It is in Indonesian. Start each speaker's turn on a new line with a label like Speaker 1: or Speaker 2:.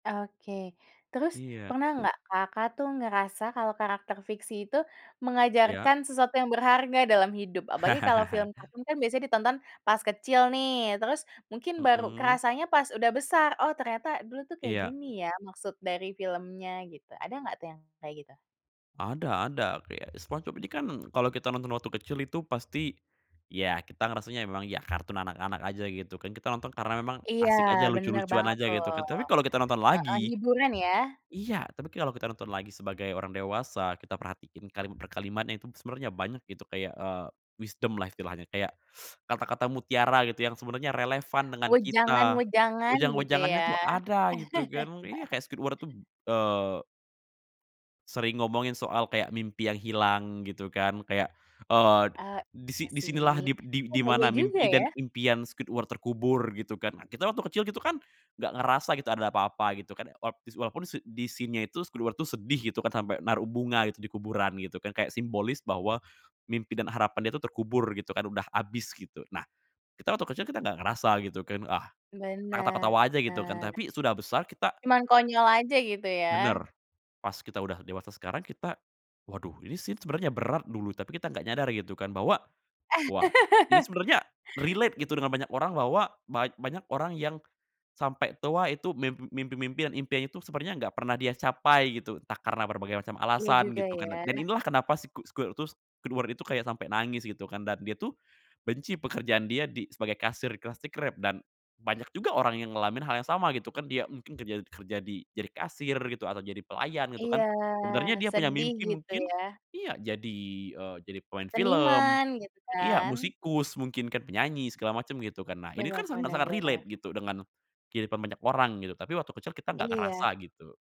Speaker 1: Oke, terus
Speaker 2: Iya.
Speaker 1: pernah nggak Kakak tuh ngerasa kalau karakter fiksi itu
Speaker 2: Iya.
Speaker 1: mengajarkan sesuatu yang berharga dalam hidup apalagi kalau film kartun kan biasanya ditonton pas kecil nih terus mungkin baru
Speaker 2: Mhm.
Speaker 1: rasanya pas udah besar, oh ternyata dulu tuh kayak
Speaker 2: Iya.
Speaker 1: gini ya maksud dari filmnya gitu, ada nggak tuh yang kayak gitu?
Speaker 2: Ada ada, kaya SpongeBob ini kan kalau kita nonton waktu kecil itu pasti, ya kita ngerasanya memang ya kartun anak-anak aja gitu, kan kita nonton karena memang
Speaker 1: Iya
Speaker 2: asik aja,
Speaker 1: bener
Speaker 2: lucu-lucuan
Speaker 1: banget
Speaker 2: aja
Speaker 1: tuh.
Speaker 2: gitu, ke tapi kalau kita nonton
Speaker 1: Heeh
Speaker 2: lagi
Speaker 1: hiburan ya.
Speaker 2: iya, tapi kalau kita nonton lagi sebagai orang dewasa, kita perhatiin kalimat per kalimatnya itu sebenarnya banyak gitu, kayak, eee, wisdom lah istilahnya, kayak, kata-kata mutiara gitu yang sebenarnya relevan dengan kita.
Speaker 1: Wejangan-wejangan, gitu
Speaker 2: Wejang-wejangannya
Speaker 1: ya.
Speaker 2: tuh ada gitu kan iya, kayak Squidward tuh, eee sering ngomongin soal, kayak mimpi yang hilang gitu kan, kayak, eee,
Speaker 1: Ah,
Speaker 2: di si
Speaker 1: iya
Speaker 2: "Di sinilah,"
Speaker 1: sih.
Speaker 2: di di
Speaker 1: Oh,
Speaker 2: "di mana
Speaker 1: bahaya juga
Speaker 2: mimpi dan
Speaker 1: ya.
Speaker 2: impian Squidward terkubur." Gitu kan, nah kita waktu kecil gitu kan, nggak ngerasa kita ada apa-apa gitu kan, walaup dis walaupun s di scene-nya itu, Squidward sedih gitu kan, sampai naruh bunga gitu, di kuburan gitu kan, kayak simbolis bahwa mimpi dan harapan dia tuh terkubur gitu kan, udah abis gitu. Nah, kita waktu kecil, kita gak ngerasa gitu kan, ah, kata-kata "wah" aja gitu kan,
Speaker 1: Bener.
Speaker 2: tapi sudah besar kita
Speaker 1: Cuman konyol aja, gitu ya.
Speaker 2: Bener, pas kita udah dewasa sekarang, kita, waduh, ini scene sebenarnya berat dulu, tapi kita nggak nyadar, gitu kan, bahwa, wah, ini sebenarnya relate gitu dengan banyak orang, bahwa bany banyak orang yang sampe tua, itu mim mimpi-mimpi dan impiannya itu sepertinya enggak pernah dia capai gitu, entah karena berbagai macam
Speaker 1: Iya
Speaker 2: alasan
Speaker 1: juga,
Speaker 2: gitu kan, dan dan
Speaker 1: ya.
Speaker 2: inilah kenapa siku squirtus Squidward itu, kayak sampai nangis gitu kan, dan dia tuh benci pekerjaan dia di sebagai kasir di Krusty Krab, dan banyak juga orang yang ngalamin hal yang sama gitu kan, dia mungkin kerja kerja di, jadi kasir gitu, atau jadi pelayan gitu
Speaker 1: Iya,
Speaker 2: kan. Sebenarnya dia punya
Speaker 1: sedih
Speaker 2: mimpi
Speaker 1: gitu
Speaker 2: mungkin
Speaker 1: ya.
Speaker 2: iya, jadi, eee, jadi pemain film
Speaker 1: Seniman gitu
Speaker 2: iya,
Speaker 1: kan.
Speaker 2: musikus mungkin kan, penyanyi segala macem gitu kan, nah ini kan
Speaker 1: Bener bener
Speaker 2: sangat-sangat
Speaker 1: bener.
Speaker 2: relate gitu dengan, kehidupan banyak orang gitu, tapi waktu kecil kita nggak ngerasa
Speaker 1: Iya.
Speaker 2: gitu.